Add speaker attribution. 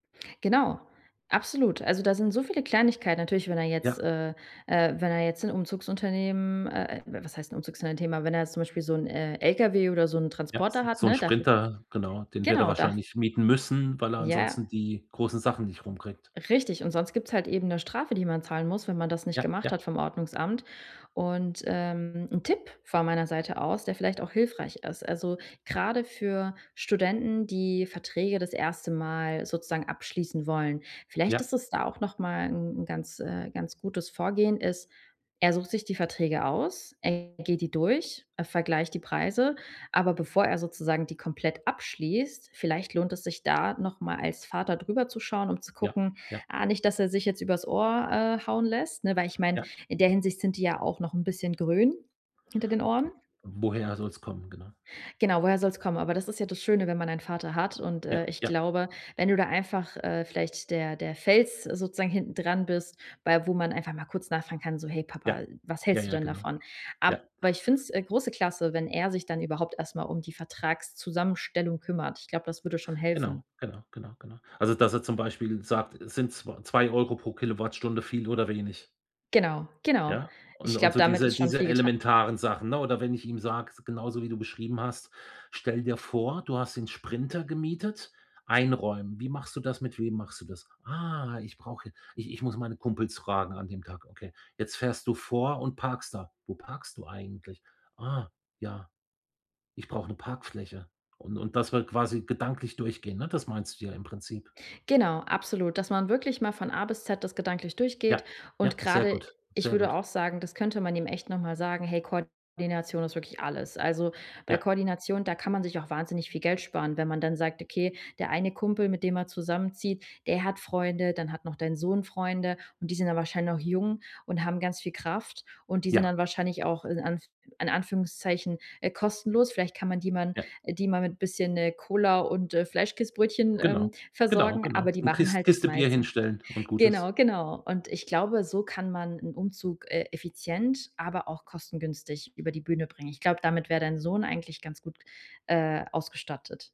Speaker 1: Genau, absolut. Also, da sind so viele Kleinigkeiten natürlich, wenn er jetzt,
Speaker 2: Ja.
Speaker 1: äh, äh, wenn er jetzt 'n Umzugsunternehmen, äh was heißt 'n Umzugsunternehmen, aber wenn er jetzt zum Beispiel so 'n, äh, LKW oder so 'n
Speaker 2: Ja.
Speaker 1: Transporter hat,
Speaker 2: So 'n
Speaker 1: ne, dafür.
Speaker 2: Sprinter, genau, den wird er
Speaker 1: Genau, da
Speaker 2: wahrscheinlich mieten müssen, weil er
Speaker 1: Ja.
Speaker 2: ansonsten die großen Sachen nicht rumkriegt.
Speaker 1: Richtig. Und sonst gibt's halt eben 'ne Strafe, die man zahlen muss, wenn man das nicht
Speaker 2: Ja,
Speaker 1: gemacht hat
Speaker 2: ja.
Speaker 1: vom Ordnungsamt. Und, ähm, 'n Tipp von meiner Seite aus, der vielleicht auch hilfreich ist, also, gerade für Studenten, die Verträge das 1. Mal sozusagen abschließen wollen: Vielleicht
Speaker 2: Ja.
Speaker 1: ist es da auch noch mal 'n 'n ganz, äh, ganz gutes Vorgehen ist: Er sucht sich die Verträge aus, er geht die durch, er vergleicht die Preise, aber bevor er sozusagen die komplett abschließt, vielleicht lohnt es sich da noch mal als Vater drüber zu schauen, um zu
Speaker 2: Ja,
Speaker 1: gucken:
Speaker 2: ja.
Speaker 1: „Ah nicht, dass er sich jetzt übers Ohr, äh, hauen lässt“, ne, weil ich meine,
Speaker 2: Ja.
Speaker 1: in der Hinsicht sind die ja auch noch 'n bisschen grün hinter den Ohren.
Speaker 2: Woher soll's kommen, genau?
Speaker 1: Genau, woher soll's kommen? Aber das ist ja das Schöne, wenn man einen Vater hat. Und, äh,
Speaker 2: Ja,
Speaker 1: ich
Speaker 2: ja.
Speaker 1: glaube, wenn du da einfach, äh, vielleicht der der Fels sozusagen hinten dran bist, bei wo man einfach mal kurz nachfragen kann, so: „Hey Papa,
Speaker 2: Ja,
Speaker 1: was
Speaker 2: ja,
Speaker 1: hältst du
Speaker 2: ja,
Speaker 1: denn
Speaker 2: genau.
Speaker 1: davon?“ Aber
Speaker 2: Ja.
Speaker 1: ich find's, äh, große Klasse, wenn er sich dann überhaupt erst mal um die Vertragszusammenstellung kümmert. Ich glaube, das würde schon
Speaker 2: Genau,
Speaker 1: helfen.
Speaker 2: genau, genau, genau. Also, dass er zum Beispiel sagt: „Sind zw 2 € pro Kilowattstunde viel oder wenig?“
Speaker 1: Genau, genau.
Speaker 2: Ja?
Speaker 1: Ich
Speaker 2: Und und
Speaker 1: glaube,
Speaker 2: so
Speaker 1: damit
Speaker 2: diese
Speaker 1: ist schon
Speaker 2: diese
Speaker 1: viel geta
Speaker 2: elementaren Sachen, ne? Oder wenn ich ihm sage, s genauso wie du beschrieben hast: „Stell dir vor, du hast den Sprinter gemietet. Einräumen wie machst du das? Mit wem machst du das?“ „Ah, ich brauche hier ich ich muss meine Kumpels fragen an dem Tag.“ Okay. „Jetzt fährst du vor und parkst da. Wo parkst du eigentlich?“ „Ah, ja. Ich brauche 'ne Parkfläche.“ Und und das wir quasi gedanklich durchgehen, ne, das meinst du ja im Prinzip.
Speaker 1: Genau, absolut, dass man wirklich mal von A bis Z das gedanklich durchgeht
Speaker 2: Ja,
Speaker 1: und
Speaker 2: ja, sehr
Speaker 1: gerade
Speaker 2: gut,
Speaker 1: ich
Speaker 2: sehr
Speaker 1: würde
Speaker 2: gut.
Speaker 1: auch sagen, das könnte man ihm echt noch mal sagen: „Hey, Koordination ist wirklich alles.“ Also, bei
Speaker 2: Ja.
Speaker 1: Koordination, da kann man sich auch wahnsinnig viel Geld sparen, wenn man dann sagt: „Okay, der eine Kumpel, mit dem er zusammenzieht, der hat Freunde, dann hat noch dein Sohn Freunde.“ Und die sind dann wahrscheinlich noch jung und haben ganz viel Kraft. Und die sind
Speaker 2: Ja.
Speaker 1: dann wahrscheinlich auch, in Anf in Anführungszeichen, äh, kostenlos. Vielleicht kann man die man
Speaker 2: Ja.
Speaker 1: äh, die mal mit bisschen, äh, Cola und äh, Fleischkäsbrötchen, ähm,
Speaker 2: Genau, genau,
Speaker 1: versorgen, aber
Speaker 2: genau.
Speaker 1: die
Speaker 2: 'N
Speaker 1: machen
Speaker 2: Kis
Speaker 1: halt das
Speaker 2: Kiste Bier
Speaker 1: meiste.
Speaker 2: hinstellen und gut ist.
Speaker 1: Genau, genau. Und ich glaube, so kann man 'n Umzug, äh, effizient, aber auch kostengünstig über die Bühne bringen. Ich glaube, damit wär dein Sohn eigentlich ganz gut, äh, ausgestattet.